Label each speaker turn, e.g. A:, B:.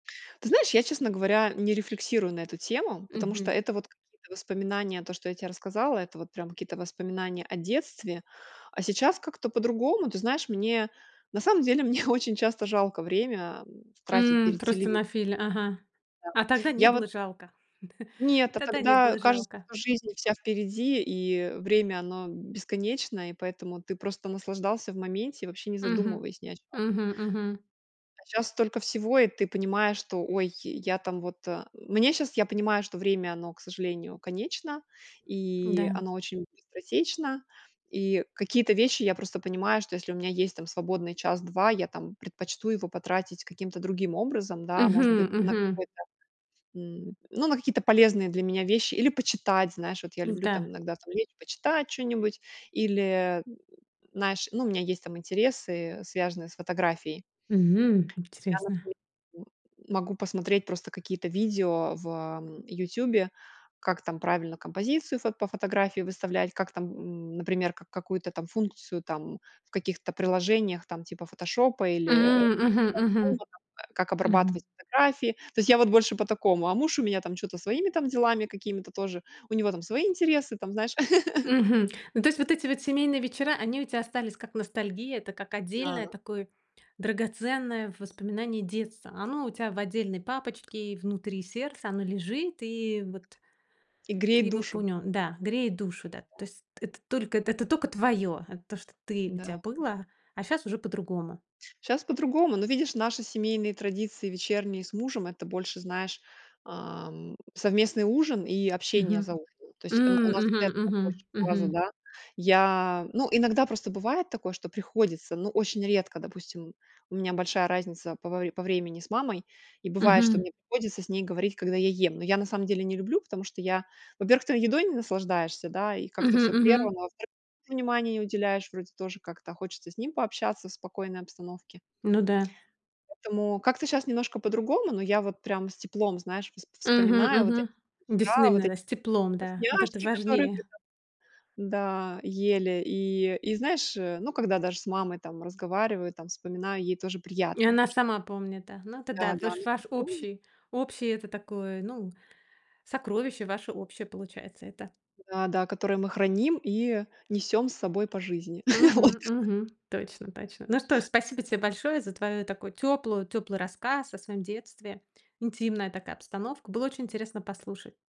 A: Ты знаешь, я, честно говоря, не рефлексирую на эту тему. Потому что
B: Мгм.
A: это вот какие-то воспоминания, то, что я те рассказала, это вот прям какие-то воспоминания о детстве, а сейчас как-то по-другому. Ты знаешь, мне на самом деле мне очень часто жалко время, м, тратить
B: М.
A: перед
B: Просто
A: телевиз
B: нафили ага.
A: Да.
B: А тогда не
A: Я вот
B: было жалко,
A: Нет, а
B: тогда не было
A: тогда кажется,
B: жалко.
A: что жизнь вся впереди и, э, время оно бесконечное и поэтому ты просто наслаждался в моменте и вообще не
B: Мгм.
A: задумываясь ни о чё
B: Мгм, мгм.
A: а щас столько всего и ты понимаешь, что ой, я там, вот, а. Мне щас, я понимаю, что время, оно, к сожалению, конечно
B: М-да.
A: и оно очень быстротечно. И какие-то вещи, я просто понимаю, что если у меня есть там свободный час-два, я, там, предпочту его потратить каким-то другим образом, да. Может быть
B: Мгм,
A: на
B: мгм.
A: какой-то, м, ну, на какие-то полезные для меня вещи или почитать, знаешь. Вот я
B: Ну в
A: люблю, там,
B: да.
A: иногда, там, лечь почитать чё-нибудь. Или, э, знаешь, ну у меня есть там интересы, связанные с фотографией.
B: Мгм,
A: Я
B: интересно.
A: например, м могу посмотреть просто какие-то видео в, ам, "Ютубе". Как там правильно композицию фот по фотографии выставлять, как там, м, например, какую-то там функцию там, в каких-то приложениях, там, типа "Фотошопа"
B: М,
A: или,
B: мгм,
A: [unintelligible] там,
B: мгм.
A: как обрабатывать
B: Мгм.
A: фотографии. То есть, я вот больше по такому, а муж у меня, там, чё-то своими, там, делами какими-то тоже, у него там свои интересы, там знаешь.
B: Мгм. Ну то есть вот эти вот семейные вечера, они у тя остались как ностальгия. Это как отдельное
A: Да.
B: такое, драгоценное воспоминание детства. Оно у тя в отдельной папочке, внутри сердца, оно лежит и вот
A: И
B: ты
A: греет
B: его
A: душу.
B: пунё да, греет душу, да. То есть это только, это тока твоё, это то, что ты, у
A: М-да,
B: тя
A: м.
B: было, а щас уже по-другому.
A: Щас по-другому. Ну, видишь, наши семейные традиции вечерние с мужем- это больше, знаешь, ам, совместный ужин и общение
B: Мгм.
A: за ужином. То есть, э, н
B: М,
A: у нас вот
B: мгм,
A: этого
B: мгм.
A: больше фаза,
B: Мгм.
A: да. Я, ну, иногда просто бывает такое, что приходится, ну, очень редко, допустим. У меня большая разница по вре по времени с мамой и бывает, что
B: Мгм.
A: мне приходится с ней говорить, когда я ем. Но я на самом деле не люблю, потому что я, во-первых, ты едой не наслаждаешься, да, и как-то
B: Мгм,
A: всё
B: мгм.
A: прервано. А во-вторых, мужу внимание не уделяешь, вроде тоже как-то, а хочется с ним пообщаться в спокойной обстановке.
B: Ну да.
A: Поэтому, как-то щас немножко по-другому. Но я вот прям с теплом, знаешь, воспо
B: Мгм,
A: вспоминаю вот эти
B: мгм. Действительно,
A: вечера, вот
B: именно,
A: эти
B: да, с теплом, да. Вот это
A: вкусняшки, которые.
B: важнее.
A: [unintelligible] Да ели. И и, знаешь, ну когда даже с мамой, там, разговариваю, там, вспоминаю, ей тоже
B: И
A: приятно
B: она
A: ш
B: сама помнит, а, ну тогда
A: Да да,
B: выш
A: она
B: ваш
A: тоже помнит.
B: общий, общий- это такой, ну, сокровище ваше общее получается это.
A: Да да, которое мы храним и, э, несём с собой по жизни вот.
B: Мгм, мгм, точно, точно. Ну что ж, спасибо те большое за твою такую тёплую тёплый рассказ о своём детстве. Интимная такая обстановка. Было очень интересно послушать.